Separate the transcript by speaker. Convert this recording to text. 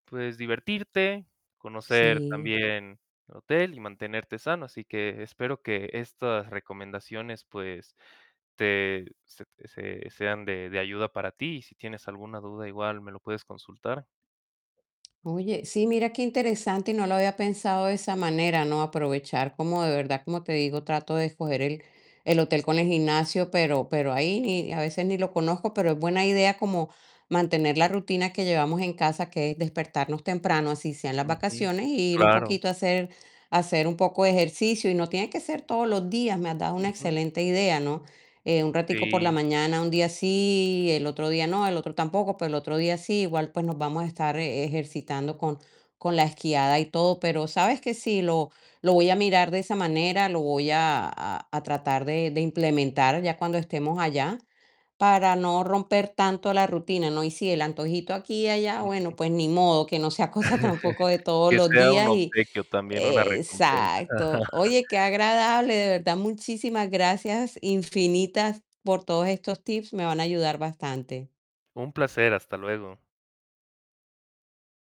Speaker 1: Puedes, divertirte, conocer
Speaker 2: Sí.
Speaker 1: también, el hotel, y mantenerte sano. Así que espero, que estas recomendaciones, pues, te se se sean de de ayuda para ti, y si tienes alguna duda, igual me lo puedes consultar.
Speaker 2: Oye, sí, mira qué interesante, y no lo había pensado de esa manera, ¿no? Aprovechar, como de verdad. Como te digo, trato de escoger el el hotel con el gimnasio, pero pero ahí ni a veces, ni lo conozco. Pero, es buena idea, como mantener la rutina que llevamos en casa, que es despertarnos temprano, así sea en las
Speaker 1: Ujú.
Speaker 2: vacaciones, y ir un
Speaker 1: Claro.
Speaker 2: poquito a hacer a hacer un poco de ejercicio, y no tiene que ser todos los días. Me has dado una
Speaker 1: Ujú.
Speaker 2: excelente idea, ¿no? Eh, un ratico por la
Speaker 1: Sí.
Speaker 2: mañana, un día sí, el otro día no, el otro tampoco, pero el otro día sí. Igual, pues nos vamos a estar e-ejercitando con con la esquiada, y todo. Pero, ¿sabes qué? Sí, lo lo voy a mirar de esa manera, lo voy a a a tratar de de implementar, ya cuando estemos allá, para no romper tanto la rutina, ¿no? Y sí, el antojito, aquí y allá,
Speaker 1: Ujú.
Speaker 2: bueno, pues ni modo, que no sea cosa, tampoco, de todos
Speaker 1: Que
Speaker 2: los
Speaker 1: sea un
Speaker 2: días y,
Speaker 1: obsequio también, una
Speaker 2: eh,
Speaker 1: recompensa.
Speaker 2: exacto. Oye, qué agradable, de verdad, muchísimas gracias infinitas, por todos estos tips, me van a ayudar bastante.
Speaker 1: Un placer. Hasta luego.